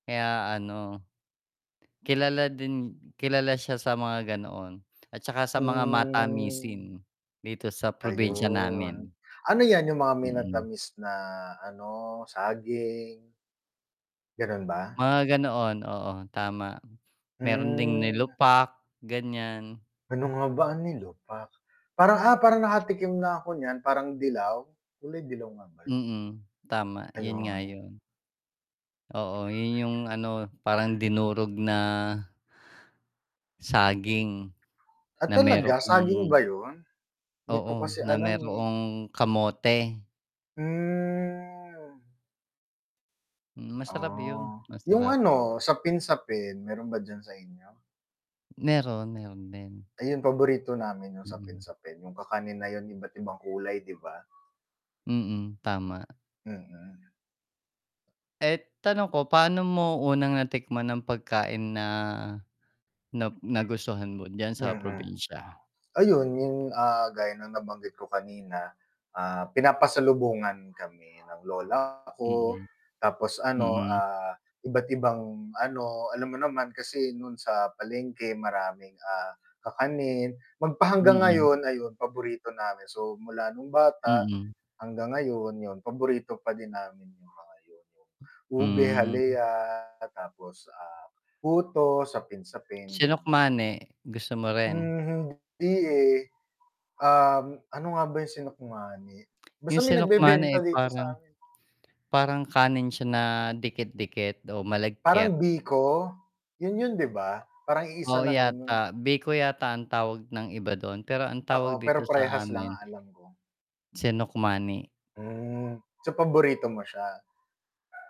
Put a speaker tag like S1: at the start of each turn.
S1: Kaya ano, kilala din, kilala siya sa mga ganoon at 'saka sa mga
S2: Hmm.
S1: matamisin dito sa probinsya namin.
S2: Ayun. Ano 'yan 'yung mga
S1: Mm.
S2: minatamis na, ano, saging? Ganun ba?
S1: Mga gano'n. Oo. tama, meron ding
S2: Hmm.
S1: nilupak, gan'yan.
S2: Ano nga ba, ang nilupak, parang, ah, parang nakatikim na ako niyan, parang dilaw, kulay dilaw nga ba 'yun?
S1: Mm, tama 'yun nga
S2: Ayun.
S1: 'yun. Oo, 'yun 'yung ano parang dinurog na saging,
S2: Ah,
S1: na
S2: talaga saging
S1: mayroong
S2: ba 'yun? 'Di ko
S1: oo,
S2: kasi
S1: na
S2: alam, eh.
S1: mayroong kamote.
S2: Hmm.
S1: Hmm. Masarap 'yun,
S2: Ah, 'yung
S1: masarap.
S2: ano, sapin-sapin, meron ba diyan sa inyo?
S1: Meron, meron din.
S2: Ayun paborito namin yung
S1: Hmm.
S2: sapin-sapin, yung kakanin na yung iba't ibang kulay, 'di ba?
S1: Mm, tama.
S2: Mm.
S1: Eh, tanong ko, paano mo unang natikman ng pagkain na na nagustuhan mo diyan sa
S2: Mm,
S1: probinsya?
S2: ayun yung, ah, gaya ng nabanggit ko kanina, ah, pinapasalubungan kami ng lola ko
S1: Mm,
S2: tapos ano,
S1: mm.
S2: ah, iba't ibang, ano, alam mo naman kasi nun sa palengke maraming, ah, kakanin, magpahanggang
S1: Mm.
S2: ngayon ayun paborito namin, so mula nung bata
S1: Mm.
S2: hanggang ngayon yun paborito pa din namin yung mga yun, 'yung ube
S1: Hmm.
S2: halaya tapos, ah, puto sapin-sapin gan'yan.
S1: Sinukmane, gusto mo rin?
S2: Mhm, hindi, eh, uhm, ano nga ba 'yung sinukmani, basta
S1: 'Yung
S2: may
S1: sinukmane,
S2: nagbebenta
S1: eh,
S2: dito
S1: parang
S2: sa 'min.
S1: parang kanin siya na dikit-dikit o
S2: Parang
S1: malagkit.
S2: biko? 'Yun, 'yun 'di ba? Parang iisa
S1: Oo
S2: lang 'yun
S1: yata,
S2: yung.
S1: biko yata ang tawag ng iba dun, pero ang tawag
S2: Oo,
S1: dito
S2: pero
S1: sa
S2: prehas lang
S1: amin.
S2: ang alam ko.
S1: Sinukmane.
S2: Hmm. So, paborito mo siya?